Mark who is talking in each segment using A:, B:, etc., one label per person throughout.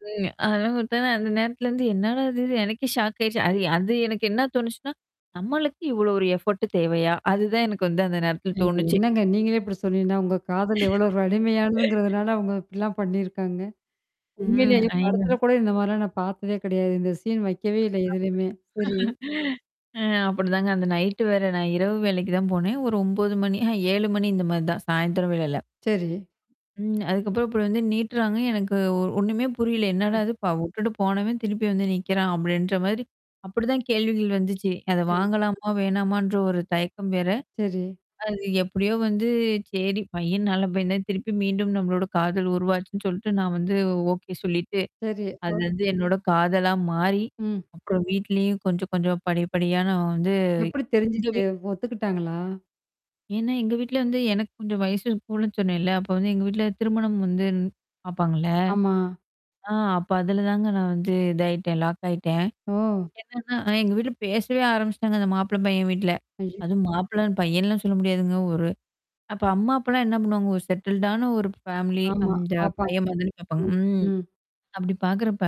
A: [unintelligible] அந்த நேரத்துலருந்து என்னடா இது! எனக்கே ஷாக் ஆயிடுச்சு. அது அது எனக்கு என்ன தோணுச்சுன்னா! நம்மளுக்கு இவ்ளோ பெரிய எஃபோர்ட் தேவையா? அதுதான் எனக்கு வந்து அந்த நேரத்தில
B: ஏங்க!
A: தோணுச்சு.
B: என்னங்க நீங்களே இப்பிடி சொன்னீங்கன்னா, உங்க காதல் எவ்வளோ ஒரு வலிமையானதுங்கிறதுனால அவுங்க அப்பிடிலாம் பண்ணியிருக்காங்க.
A: ம்.
B: உண்மையிலயே
A: ஏங்க.
B: படத்தில கூட இந்தமாரிலாம் நான் பாத்ததே கிடையாது. இந்த சீன் வைக்கவே இல்ல
A: அப்படி
B: எதுலயுமே. சரி.
A: அ அப்பிடிதாங்க அந்த நைட்டு வேற. நான் இரவு வேலைக்கு தான் போனேன். ஒரு 9:00 மணி அஹ, 7:00 மணி இந்தமாரி தான் சாயந்திரம் வேலைையில.
B: சரி.
A: ம். அதுக்கப்புறம் இப்ப வந்து நீட்றாங்க. எனக்கு ஒ ஒண்ணுமே புரியல. என்னடா
B: ம்.
A: அது ப விட்டுட்டு போனவன் திருப்பி வந்து நீக்கிறான், அப்பிடின்ற மாரி. அப்பிடிதான் கேள்விகள் வந்துச்சு. அத
B: சரி.
A: வாங்கலாமா! வேணாமான்ற ஒரு தயக்கம் வேற.
B: சரி.
A: அது எப்பிடியோ வந்து சரி பையன் நல்ல பையந்தான் திருப்பி மீண்டும் நம்மளோட காதல் உருவாச்சுன்னு சொல்ட்டு நான் வந்து ஓகே சொல்லிட்டு.
B: சரி,
A: அது
B: ஓ.
A: வந்து என்னோட காதலா மாறி,
B: ம்.
A: அப்புறம் வீட்லயும் கொஞ்சம் கொஞ்சம் படி, படியா நான் வந்து
B: எப்பிடி தெரிஞ்சுச்சு?
A: [unintelligible]
B: ஒத்துக்கிட்டாங்களா?
A: ஏன்னா, எங்க வீட்ல வந்து எனக்கு கொஞ்சம் வயசு கூடன்னு சொன்னேன்ல. அப்போ வந்து எங்க வீட்ல திருமணம் வந்து ன் பாப்பாங்கள்ல.
B: ஆமா.
A: ஆ அப்ப அதுலதாங்க நான் வந்து இதாயிட்டேன். லாக் ஆயிட்டேன்.
B: ஓ!
A: என்னன்னா, எங்க வீட்ல பேசவே ஆரம்பிச்சிட்டாங்க. அந்த மாப்பிள பையன் வீட்ல.
B: ஐயோ!
A: அதுவும் மாப்பிள பையன்லாம் சொல்ல முடியாதுங்க ஒரு அப்ப அம்மா அப்பலாம் என்ன பண்ணுவாங்க, ஒரு செட்டில்டான ஒரு ஃபேமிலி,
B: ஆமா.
A: அந்த
B: பாப்பாங்க.
A: பையன்மாரி தானே பாபப்பாங்க.
B: ம்.
A: ம்.
B: ம்.
A: அப்பிடி பார்க்கிறப்ப.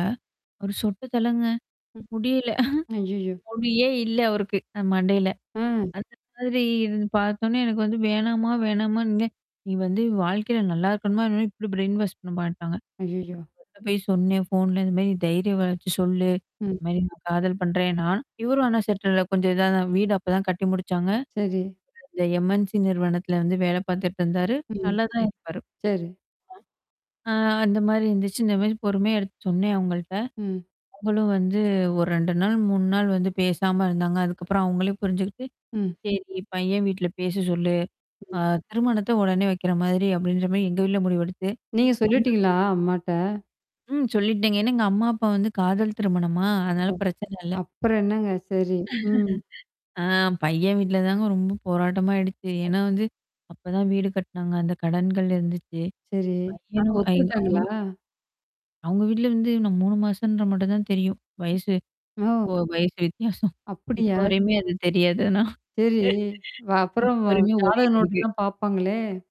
A: ஒரு சொட்ட தலங்க
B: ம்.
A: முடியல
B: ஐய்யய்யோ!
A: முடியியே இல்ல அவருக்கு. அ மண்டையில.
B: அ.
A: அந்த மாதிரி இருந்து பாத்தோனே எனக்கு வந்து வேணாமா, வேணாமான்ங்க. நீ வந்து வாழ்க்கையில நல்லா இருக்கணுமா [unintelligible] இப்பிடி பிரைன் வாஷ் பண்ண மாட்டாங்க.
B: அய்யய்யோ!
A: [unintelligible] போய் சொன்னேன். ஃபோன்ல இந்தமாரி தைரிய வார்த்த சொல்லு.
B: ம்.
A: இந்தமாரி நான் காதல் பண்றேன் நான் இவரும் ஆனா செட்டில் கொஞ்சம் இதா வீடு அப்ப தான் கட்டி முடிச்சாங்க.
B: சரி.
A: இந்த எம்-என்-சி நிறுவனத்தல வந்து வேல பார்த்துட்டு இருந்தாரு.
B: ம்.
A: நல்லதான் இருப்பாரு.
B: சரி.
A: ஆ அந்தமாரி இருந்துச்சு. இந்தமாரி பொறுமையா எடுத்து சொன்னேன் அவுங்கள்ட்ட.
B: ம்.
A: அவுங்களும் வந்து ஒரு 2 நாள், 3 நாள் வந்து பேசாம இருந்தாங்க. அதுக்கப்புறம் அவுங்களே புரிஞ்சுகிட்டு.
B: ம்.
A: சரி பையன் வீட்ல பேச சொல்லு. அ
B: ம்.
A: திருமணத்த உடனே வைக்கிற மாதிரி அப்பிடின்ற மாரி எங்க வீட்ல முடிவெடுத்து
B: நீங்க
A: [unintelligible]
B: சொல்லிட்டீங்களா, அம்மாட்ட?
A: ம். சொல்லிட்டேங்க. ஏன்னா எங்க அம்மா அப்பா வந்து காதல் திருமணமா? அதனால
B: ஓ!
A: பிரச்சன இல்ல.
B: அப்பறம் என்னங்க, சரி. ம்.
A: ஆ பையன் வீட்ல தாங்க ரொம்ப போராட்டமா ஆயிடுச்சு. ஏன்னா வந்து அப்பதான் வீடு கட்னாங்க. அந்த கடன்கள் இருந்துச்சு.
B: சரி. ஆ
A: பையனு
B: ஒத்துக்கிட்டாங்களா?
A: [unintelligible] அவுங்க வீட்ல வந்து இன்னும் 3 மாசம்ன்ற மட்டும் தான் தெரியும். வயசு ஓ!
B: ஓ!
A: வயசு வித்தியாசம்.
B: அப்பிடியா?
A: இப்போ வரையுமே அது தெரியாது ஆனா
B: சரி. வ
A: இப்ப
B: அப்புறம்
A: வரையுமே
B: ஜாதக
A: ஓடிட்டு இருக்கு.
B: நோட்டெல்லாம் பார்ப்பாங்களே!